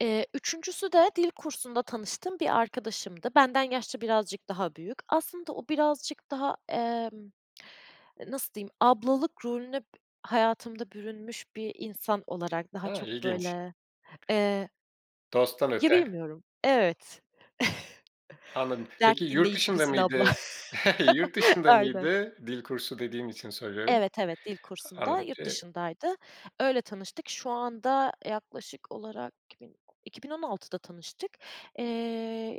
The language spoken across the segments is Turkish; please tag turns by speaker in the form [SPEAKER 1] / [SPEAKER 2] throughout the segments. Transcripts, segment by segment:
[SPEAKER 1] Eee, 3'üncüsü de dil kursunda tanıştığım bir arkadaşımdı. Benden yaşça birazcık daha büyük. Aslında o birazcık daha, emm, nasıl diyeyim, ablalık rolüne b hayatımda bürünmüş bir insan olarak daha
[SPEAKER 2] A!
[SPEAKER 1] çok
[SPEAKER 2] İlginç.
[SPEAKER 1] böyle, eee
[SPEAKER 2] Dosttan
[SPEAKER 1] ya,
[SPEAKER 2] öte.
[SPEAKER 1] bilmiyorum. Evet.
[SPEAKER 2] Anladım.
[SPEAKER 1] Dert
[SPEAKER 2] Peki yurt
[SPEAKER 1] dinleyici
[SPEAKER 2] dışında
[SPEAKER 1] Güzin abla.
[SPEAKER 2] mıydı? Yurt dışında
[SPEAKER 1] Aynen.
[SPEAKER 2] mıydı? Dil kursu dediğin için soruyorum.
[SPEAKER 1] Evet, evet. Dil kursunda.
[SPEAKER 2] Anladım.
[SPEAKER 1] Yurt
[SPEAKER 2] Eee
[SPEAKER 1] dışındaydı. Öyle tanıştık. Şu anda, yaklaşık olarak iki bin o iki bin on altıda tanıştık. Eee,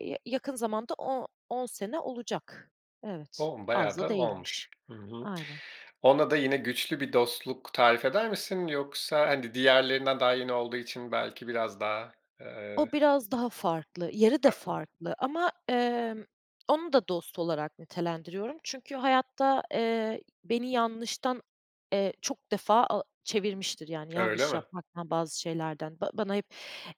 [SPEAKER 1] ya yakın zamanda o on sene olacak. Evet,
[SPEAKER 2] O!
[SPEAKER 1] az
[SPEAKER 2] Bayağı
[SPEAKER 1] da
[SPEAKER 2] da
[SPEAKER 1] değilmiş.
[SPEAKER 2] olmuş. Hı hı.
[SPEAKER 1] Aynen.
[SPEAKER 2] Ona da yine güçlü bir dostluk tarif eder misin yoksa, hani, diğerlerinden daha yeni olduğu için belki biraz daha, eee
[SPEAKER 1] O, biraz daha farklı. Yeri de
[SPEAKER 2] Farklı mı?
[SPEAKER 1] farklı ama, emm, onu da dost olarak nitelendiriyorum. Çünkü hayatta, eee, beni yanlıştan, eee, çok defa a çevirmiştir. Yani,
[SPEAKER 2] Öyle
[SPEAKER 1] yanlış
[SPEAKER 2] mi?
[SPEAKER 1] yapmaktan, bazı şeylerden. Ba bana hep,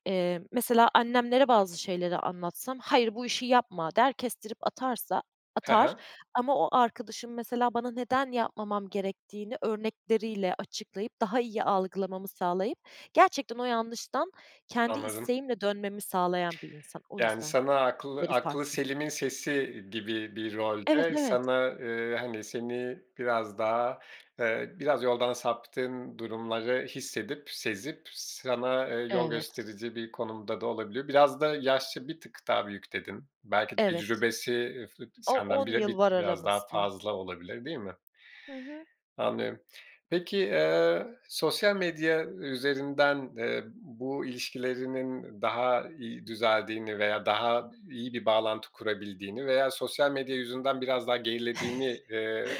[SPEAKER 1] eee, mesela annemlere bazı şeyleri anlatsam, "Hayır, bu işi yapma." der kestirip atarsa
[SPEAKER 2] Hı
[SPEAKER 1] atar
[SPEAKER 2] hı.
[SPEAKER 1] ama o arkadaşım mesela bana neden yapmamam gerektiğini örnekleriyle açıklayıp, daha iyi algılamamı sağlayıp gerçekten o yanlıştan kendi
[SPEAKER 2] Anladım.
[SPEAKER 1] isteğimle dönmemi sağlayan bir insan. O
[SPEAKER 2] Yani,
[SPEAKER 1] yüzden
[SPEAKER 2] sana aklı
[SPEAKER 1] yeri farklı.
[SPEAKER 2] aklıselimin sesi gibi bir
[SPEAKER 1] Evet,
[SPEAKER 2] rolde
[SPEAKER 1] evet.
[SPEAKER 2] sana, eee, hani, seni biraz daha, eee, biraz yoldan saptığın durumları hissedip, sezip sana yol
[SPEAKER 1] Evet.
[SPEAKER 2] gösterici bir konumda da olabiliyor. Biraz da yaşça bir tık daha büyük, dedin. Belki
[SPEAKER 1] Evet.
[SPEAKER 2] tecrübesi, eee, [unintelligible]
[SPEAKER 1] O
[SPEAKER 2] senden
[SPEAKER 1] on
[SPEAKER 2] bire bir
[SPEAKER 1] yıl
[SPEAKER 2] t
[SPEAKER 1] var
[SPEAKER 2] biraz daha
[SPEAKER 1] aramızda.
[SPEAKER 2] fazla olabilir, değil mi?
[SPEAKER 1] Hı hı.
[SPEAKER 2] Anlıyorum. Peki, eee, sosyal medya üzerinden, eee, bu ilişkilerinin daha iyi düzeldiğini veya daha iyi bir bağlantı kurabildiğini veya sosyal medya yüzünden biraz daha gerilediğini, eee,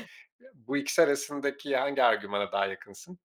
[SPEAKER 2] bu ikisi arasındaki hangi argümana daha yakınsın?